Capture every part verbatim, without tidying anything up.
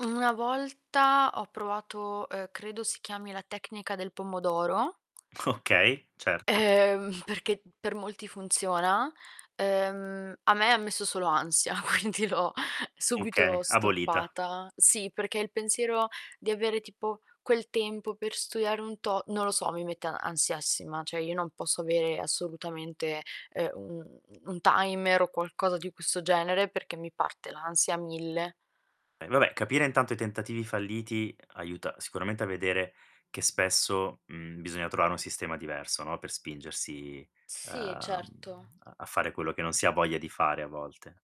Una volta ho provato, uhm, credo si chiami la tecnica del pomodoro. Okay, certo. Ehm, perché per molti funziona, ehm, a me messo solo ansia, quindi l'ho Okay, subito abolita. stoppata sì, perché il pensiero di avere tipo quel tempo per studiare un to non lo so, mi mette ansiassima ceh io non posso avere assolutamente, ehm, u u un timer o qualcosa di questo genere, perché mi parte l'ansia a mille. E vabbè, capire intanto i tentativi falliti, aiuta sicuramente a vedere che spesso, mhmm, bisogna trovare un sistema diverso, no, per spingersi, ehm, Sì, mhmm, certo. a a fare quello che non si ha voglia di fare a volte.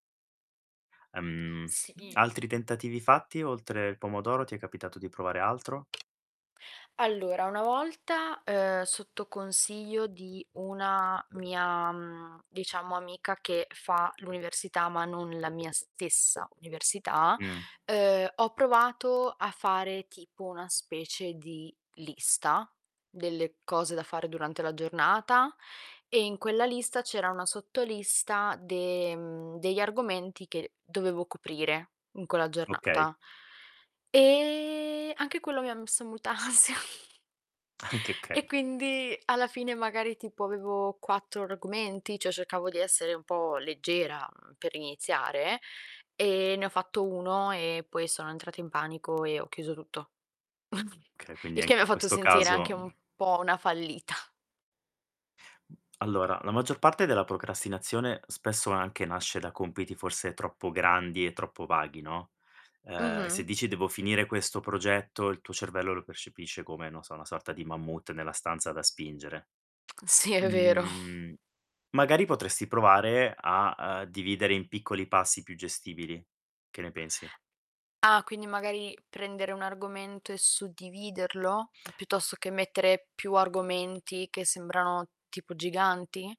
Ehm, Sì. altri tentativi fatti oltre il pomodoro ti è capitato di provare altro? Allora una volta, ehm, sotto consiglio di una mia, mhmm, diciamo amica che fa l'università ma non la mia stessa università, Mh. ehm, ho provato a fare tipo una specie di lista delle cose da fare durante la giornata e in quella lista c'era una sotto lista de mhmm, degli argomenti che dovevo coprire in quella Okay. giornata. E anche quello mi ha messo molta ansia. Anche, E okay. quindi alla fine magari tipo avevo quattro argomenti, cioè, cercavo di essere un po' leggera, uhm, per iniziare e ne ho fatto uno e poi sono entrata in panico e ho chiuso tutto. Okay, quindi Il che anche mi ha in fatto questo sentire caso, anche un mhmm po' una fallita. Allora la maggior parte della procrastinazione spesso anche nasce da compiti forse troppo grandi e troppo vaghi, no. Ehm, se Mh-mh. dici: "Devo finire questo progetto" il tuo cervello lo percepisce come, non so, una sorta di mammut nella stanza da spingere. Sì, è vero. Mhmm, magari potresti provare a, ehm, dividere in piccoli passi più gestibili, che ne pensi? Ah quindi magari prendere un argomento e suddividerlo piuttosto che mettere più argomenti che sembrano tipo giganti?